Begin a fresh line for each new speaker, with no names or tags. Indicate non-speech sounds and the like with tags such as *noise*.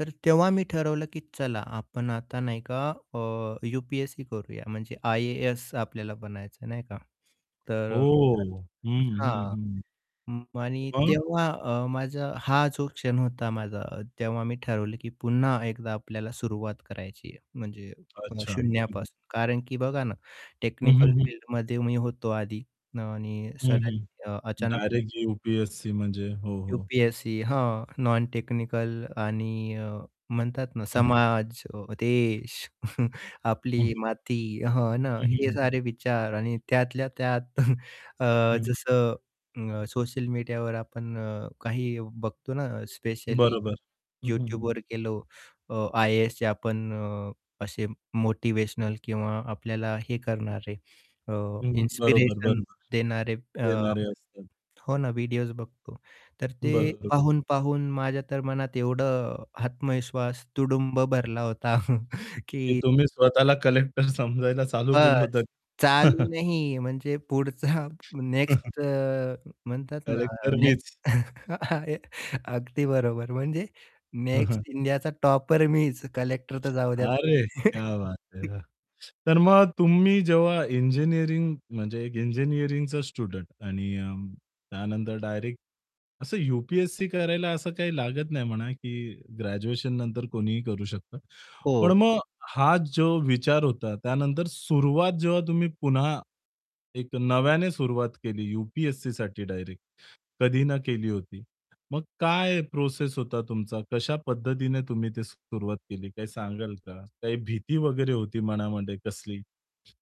तर तेव्हा मी ठरवलं की चला आपण आता नाही का अ, यूपी-एस-सी करूया म्हणजे आय-ए-एस आपल्याला बनायचं आहे नाही का. तर अ,
ओह!
*unintelligible*
हं, हं,
हां,
हं.
उम्म, आणि
मग?
तेव्हा अ, माझा हा जो क्षण होता माझा अ, तेव्हा मी ठरवलं की पुन्हा एकदा आपल्याला सुरुवात करायची आहे म्हणजे अ,
अच्छा. हं, हं.
शून्यापासून कारण की बघा ना,
हं,
टेक्निकल
हं, हं.
फील्डमध्ये मी होतो आधी आणि
हं, हं,
सडनली अ, अचानक *unintelligible*
डायरेक्ट यू-पी-एस-सी म्हणजे हो, हो.
यू-पी-एस-सी हां, नॉन-टेक्निकल आणि म्हणतात अ, ना,
हं.
समाज, अ, देश *chuckles*
हं,
आपली
हं.
माती हां ना,
हं, हं,
हे
हं.
सारे विचार आणि त्यातल्या त्यात *chuckles* अ,
हं, हं.
जसं अ,
हं.
सोशल मीडियावर आपण अ, काही बघतो ना, स्पेशली
बरोबर. हं, हं, हं.
YouTubeवर गेलो अ, आय-ए-सचे आपण अ, असे मोटिवेशनल किंवा आपल्याला हे करणारे अ,
हं, बरोबर,
इन्स्पिरेशन
बरोबर.
देणारे अ, आपण
देणारे असतात.
हो ना, व्हिडिओस बघतो. तर ते
बरोबर.
पाहून-पाहून माझ्या तर मनात एवढं आत्मविश्वास तुडुंब भरला होता
की
की
तुम्ही स्वतःला कलेक्टर समजायला चालू केलं होतं.
बस्स! चालू
*chuckles*
नाही म्हणजे पुढचा
*chuckles*
नेक्स्ट अ, म्हणतात ना अ,
कलेक्टर
नेक्स्ट
मीच.
*chuckles* आ य अगदी बरोबर म्हणजे
हं,
नेक्स्ट
हं.
इंडियाचा टॉपर मीच! कलेक्टर तर जाऊ द्या
अरे!
तुम्ही.
क्या बात
*chuckles*
है! तर मग तुम्ही जेव्हा इंजिनिअरिंग म्हणजे एक इंजिनिअरिंगचा स्टुडंट आणि अ, त्यानंतर डायरेक्ट असं यू-पी-एस-सी करायला असं काही लागत नाही म्हणा की ग्रॅज्युएशन नंतर कोणीही करू शकतं. पण
हो.
मग हा जो विचार होता त्यानंतर सुरुवात जेव्हा तुम्ही पुन्हा एक नव्याने सुरुवात केली यूपी-एस-सीसाठी डायरेक्ट, कधी ना केली होती. मग काय प्रोसेस होता तुमचा? कशा पद्धतीने तुम्ही ते सुरुवात केली काय सांगाल का? काही भीती वगैरे होती मनामध्ये कसली?